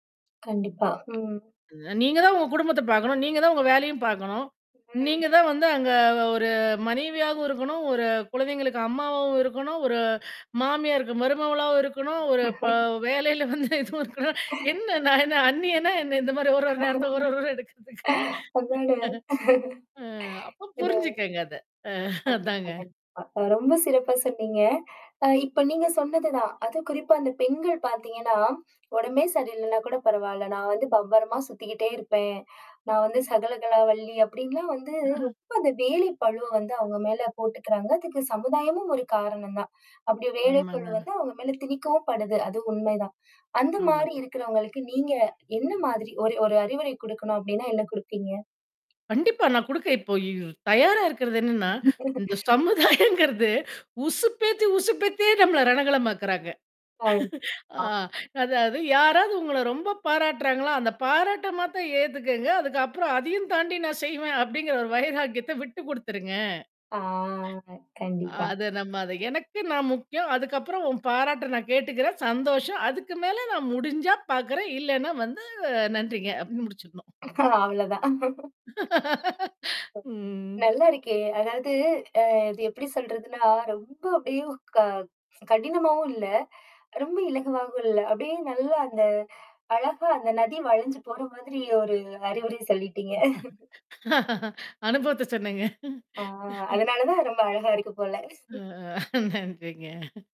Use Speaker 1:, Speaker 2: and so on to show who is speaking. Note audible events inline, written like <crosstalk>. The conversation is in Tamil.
Speaker 1: கண்டிப்பா, ம்.
Speaker 2: அ. நீங்கதான் உங்க குடும்பத்த பாக்கணும். நீங்கதான் உங்க வேலையும் பாக்கணும்.
Speaker 1: ம்.
Speaker 2: நீங்க தான் வந்து அங்கே ஒரு மனைவியாகவும் இருக்கணும். ஒரு குழந்தைங்களுக்கு அம்மாவாவும் இருக்கணும். ஒரு மாமியாருக்கு மருமகளாவும் இருக்கணும். ஒரு ப
Speaker 1: <laughs>
Speaker 2: வேலையில வந்து இதுவும் இருக்கணும்.
Speaker 1: <laughs>
Speaker 2: "என்ன? நான் என்ன அன்னியனா என்னா?" இந்த மாரி ஒரு, ஒரு நேரத்தில ஒரு, ஒரு வேடம் எடுக்கிறதுக்கு.
Speaker 1: அதனால
Speaker 2: அ, அப்ப
Speaker 1: இத
Speaker 2: புரிஞ்சக்குங்க அத. அ,
Speaker 1: கண்டிப்பா,
Speaker 2: அதாங்க
Speaker 1: கண்டிப்பா. அ ரொம்ப சிறப்பா சொன்னீங்க. அ இப்போ நீங்க சொன்னதுதான். அதும் குறிப்பா, அந்த பெண்கள் பாத்தீங்கன்னா, "உடம்பே சரியில்லைன்னா கூட பரவாயில்ல, நான் வந்து பம்பரமா சுத்திக்கிட்டே இருப்பேன். நான் வந்து சகலகலா வல்லி" அப்படின்லாம் வந்து
Speaker 2: <laughs>
Speaker 1: ரொம்ப அந்த வேலை பளுவ வந்து அவுங்க மேல போட்டுக்கிறாங்க. அதுக்கு சமுதாயமும் ஒரு காரணம் தான். அப்படி வேலைப்பளு
Speaker 2: ஆமாங்க.
Speaker 1: வந்து, அவுங்க மேலே திணிக்கவும் படுது. அது உண்மைதான்! அந்த மாரி
Speaker 2: ஆமாங்க.
Speaker 1: இருக்கிறவங்களுக்கு, நீங்க என்ன மாதிரி ஒரு ஒரு அறிவுரை குடுக்கணும் அப்படின்னா என்னா குடுப்பீங்க?
Speaker 2: கண்டிப்பா. நான் குடுக்க இப்போ ய் ய் தயாரா இருக்கிறது என்னன்னா? இந்த
Speaker 1: <laughs>
Speaker 2: சமுதாயம்ங்கிறது உசுப்பேத்தி, உசுப்பேத்தியே நம்மள ரணகளமாக்குறாங்க.
Speaker 1: ஆ.
Speaker 2: <laughs> ஆ,
Speaker 1: <unintelligible>
Speaker 2: அதாவது, யாராவது உங்கள ரொம்ப பாராட்டுறாங்களா! அந்த பாராட்ட மாத்திரம் ஏத்துக்கங்க. அதுக்கு அப்புறம், அதையும் தாண்டி, "நான் செய்வேன்" அப்டிங்குற ஒரு வைராக்கியத்த விட்டுக் குடுத்துருங்க.
Speaker 1: ஆ, கண்டிப்பா.
Speaker 2: அத நம்ம அது "எனக்கு நான் முக்கியம். அதுக்கு அப்புறம் உன் பாராட்டை நான் கேட்டுக்கிறேன். சந்தோஷம். அதுக்கு மேல நான் முடிஞ்சா பாக்கிறேன், இல்லேன்னா வந்து, அ நன்றிங்க" அப்படின்னு முடிச்சுக்கணும். <chuckles>
Speaker 1: அவ்ளோதான்.
Speaker 2: <laughs> ம்.
Speaker 1: நல்லா இருக்கே! அதாவது அ இது எப்படி சொல்றதுன்னா, ரொம்ப அப்படியே க கடினமாவும் இல்ல! ரொம்ப இலகுவாகவும் இல்ல! அப்படியே நல்லா அந்த அழகா அந்த நதி வளைஞ்சு போற மாதிரி ஒரு அறிவுரையை சொல்லிட்டீங்க!
Speaker 2: அனுபவத்தை சொன்னேங்க.
Speaker 1: ஆ, அதனால தான் ரொம்ப அழகா இருக்கு போல.
Speaker 2: அ,
Speaker 1: <laughs>
Speaker 2: நன்றிங்க.